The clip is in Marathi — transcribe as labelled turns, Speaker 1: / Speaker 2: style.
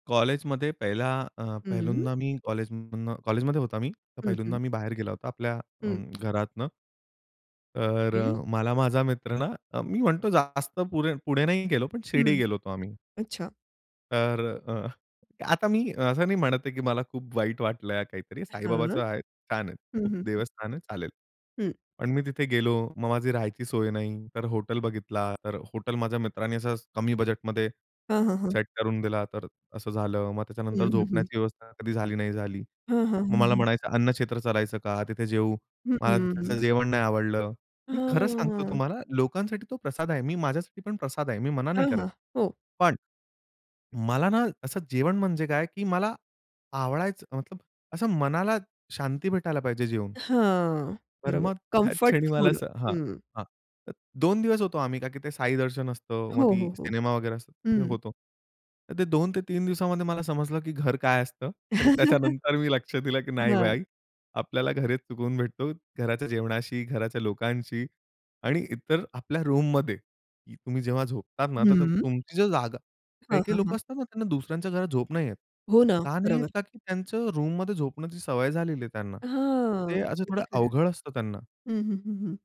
Speaker 1: कॉलेजमध्ये पहिला अ,
Speaker 2: हं.
Speaker 1: पहिल्यांदा मी कॉलेजमधनं कॉलेजमध्ये होता मी,
Speaker 2: हं,
Speaker 1: पहिल्यांदा
Speaker 2: हं.
Speaker 1: मी बाहेर गेला होता आपल्या अ,
Speaker 2: हं.
Speaker 1: घरातनं. तर
Speaker 2: [unintelligible]
Speaker 1: अ, मला माझा मित्र ना, अ, मी म्हणतो जास्त पु पुढे नाही गेलो, पण शिर्डी
Speaker 2: हं.
Speaker 1: गेलो होतो आम्ही.
Speaker 2: अच्छा.
Speaker 1: तर अ, आता मी असं नाही म्हणत आहे, की मला खूप वाईट वाटलं, काहीतरी.
Speaker 2: हां.
Speaker 1: साईबाबाचं आहे, छान आहे.
Speaker 2: हं,
Speaker 1: खूप
Speaker 2: हं, हं.
Speaker 1: देवस्थान आहे, चालेल.
Speaker 2: हं.
Speaker 1: पण मी तिथे गेलो. मग माझी राहायची सोय नाही. तर हॉटेल बघितला, तर हॉटेल माझ्या मित्रांनी असं कमी बजेटमध्ये
Speaker 2: हां, हां ,हां.
Speaker 1: सेट करून दिला, तर असं झालं. मग
Speaker 2: हं,
Speaker 1: त्याच्यानंतर
Speaker 2: हं, हं.
Speaker 1: झोपण्याची व्यवस्था कधी झाली, नाही झाली.
Speaker 2: हां, हां.
Speaker 1: मग
Speaker 2: हं,
Speaker 1: मला
Speaker 2: हं.
Speaker 1: म्हणायचं अन्न क्षेत्र चालायचं का, तिथे जेवू,
Speaker 2: हं, हं,
Speaker 1: मला तिथे
Speaker 2: हं.
Speaker 1: जेवण नाही आवडलं. मी खरं सांगतो
Speaker 2: हां.
Speaker 1: तुम्हाला. लोकांसाठी तो प्रसाद आहे. मी माझ्यासाठी पण प्रसाद आहे. मी मना नाही
Speaker 2: हां,
Speaker 1: करत.
Speaker 2: हां. हो.
Speaker 1: पण मला ना असं जेवण म्हणजे काय की मला आवडायचं, मतलब असं मनाला शांती भेटायला पाहिजे जेवून.
Speaker 2: हां.
Speaker 1: तर
Speaker 2: बरोबर.
Speaker 1: मग त्याच
Speaker 2: कम्फर्ट
Speaker 1: क्षणी मला
Speaker 2: फूड.
Speaker 1: असं हां.
Speaker 2: हं.
Speaker 1: हां. तर 2 दिवस होतो आम्ही का की ते साई दर्शन असतं, मग
Speaker 2: हो,
Speaker 1: ती
Speaker 2: हो, हो.
Speaker 1: सिनेमा वगैरे असतं
Speaker 2: हं.
Speaker 1: होतं. तर ते 2-3 दिवसामध्ये मला समजलं की घर काय असतं आणि त्याच्यानंतर मी लक्ष दिलं की नाही
Speaker 2: हां.
Speaker 1: भाई, आपल्याला घरीच सुकून भेटतो, घराच्या जेवणाशी, घराच्या लोकांशी आणि इतर आपल्या रूममध्ये तुम्ही जेव्हा झोपतात ना, तर
Speaker 2: हं.
Speaker 1: तुमची जर जागा.
Speaker 2: हां,
Speaker 1: काही काही
Speaker 2: हां, हां.
Speaker 1: लोकं असतात ना त्यांना दुसऱ्यांच्या घरात झोप नाही येत.
Speaker 2: हो ना.
Speaker 1: का नाही येत?
Speaker 2: बरोबर.
Speaker 1: का की त्यांचं रूममध्ये झोपण्याची सवय झालेली आहे त्यांना. तर
Speaker 2: हां.
Speaker 1: ते असं
Speaker 2: अगदी
Speaker 1: थोडं
Speaker 2: खरं.
Speaker 1: अवघड असतं त्यांना.
Speaker 2: हं, हं, हं, हं.